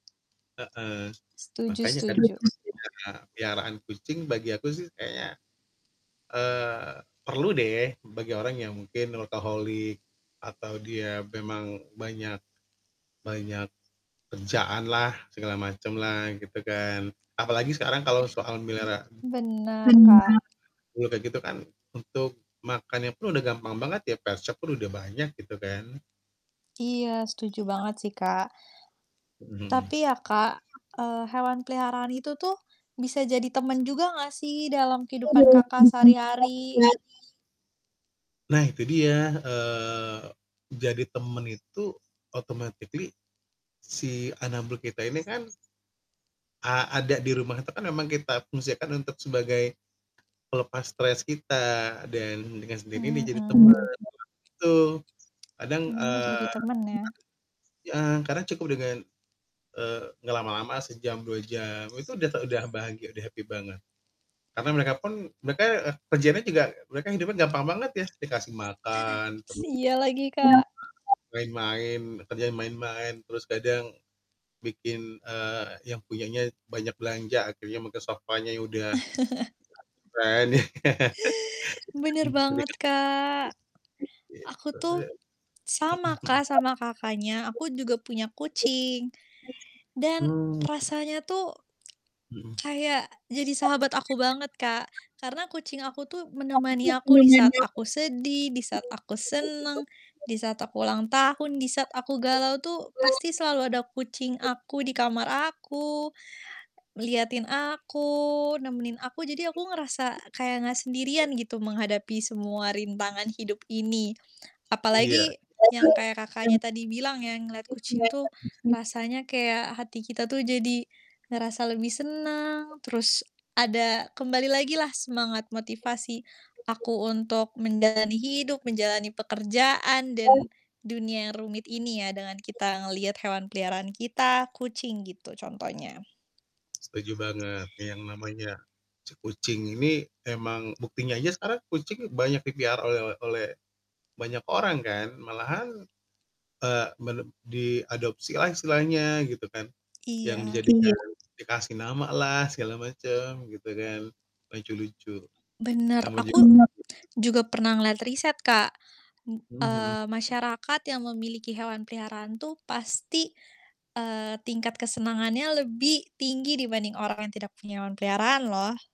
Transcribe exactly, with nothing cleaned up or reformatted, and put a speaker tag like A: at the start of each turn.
A: Heeh,
B: Setuju
A: makanya kan,
B: setuju.
A: pelihara peliharaan kucing bagi aku sih kayaknya, eee, perlu deh, bagi orang yang mungkin workaholic, atau dia memang banyak banyak kerjaan lah, segala macam lah, gitu kan. Apalagi sekarang kalau soal melihara
B: Mmm. Benar, Kak.
A: anabul kayak gitu kan, untuk makannya pun udah gampang banget ya, pet shop pun udah banyak, gitu kan.
B: Iya, setuju banget sih, Kak.
A: Mmm, mhm.
B: Tapi ya Kak, eee, hewan peliharaan itu tuh, bisa jadi teman juga enggak sih, dalam kehidupan Kakak sehari-hari?
A: Nah itu dia, eee, jadi teman itu automatically, si anabul kita ini kan a ada di rumah itu kan memang kita fungsikan untuk sebagai, pelepas stres kita, dan dengan sendirinya jadi teman
B: Mhm.
A: [unintelligible] Itu, kadang,
B: Benar, jadi
A: eee
B: teman ya.
A: [unintelligible] heeh, kadang cukup dengan, eee, ngelama-lama, sejam, dua jam, itu udah te bahagia, udah happy banget. Karena mereka pun mereka kerjaannya juga mereka hidupnya gampang banget ya, dikasih makan,
B: S
A: terus,
B: iya lagi, Kak.
A: main-main, kerjanya main-main, terus kadang, bikin, eee, yang punyanya banyak belanja akhirnya, mungkin sofanya ya udah [unintelligible]
B: Benar banget, Kak.
A: [unintelligible]
B: Aku
A: gitu,
B: tuh,
A: mhm
B: sama
A: mhm.
B: Kak sama Kakaknya. Aku juga punya kucing. Dan,
A: Mmm.
B: rasanya tuh, kayak jadi sahabat aku banget, Kak. Karena kucing aku tuh menemani aku di
A: Mhm.
B: saat aku sedih, di saat aku senang, di saat aku ulang tahun, di saat aku galau tuh, pasti selalu ada kucing aku di kamar aku, ngeliatin aku, nemenin aku. Jadi aku ngerasa, kayak enggak sendirian gitu menghadapi semua rintangan hidup ini.
A: Iya.
B: Apalagi, yang kayak Kakaknya tadi bilang ya, ngelihat kucing tuh, rasanya kayak hati kita tuh jadi, ngerasa lebih senang, terus ada, kembali lagi lah semangat motivasi aku untuk menjalani hidup, menjalani pekerjaan dan dunia yang rumit ini ya, dengan kita ngelihat hewan peliharaan kita, kucing gitu contohnya.
A: Setuju banget, yang namanya ce kucing ini, emang buktinya aja sekarang kucing banyak dipelihara oleh oleh banyak orang kan, malahan, eee, mele diadopsilah istilahnya, gitu kan, yang
B: Iya.
A: dijadikan dikasih nama lah, segala macam gitu kan, lucu-lucu.
B: Benar,
A: Nama juga
B: aku juga pernah ngelihat riset, Kak.
A: Mhm
B: Eee,
A: mhm.
B: masyarakat yang memiliki hewan peliharaan tuh, pasti, eee, tingkat kesenangannya lebih tinggi dibanding orang yang tidak punya hewan peliharaan loh.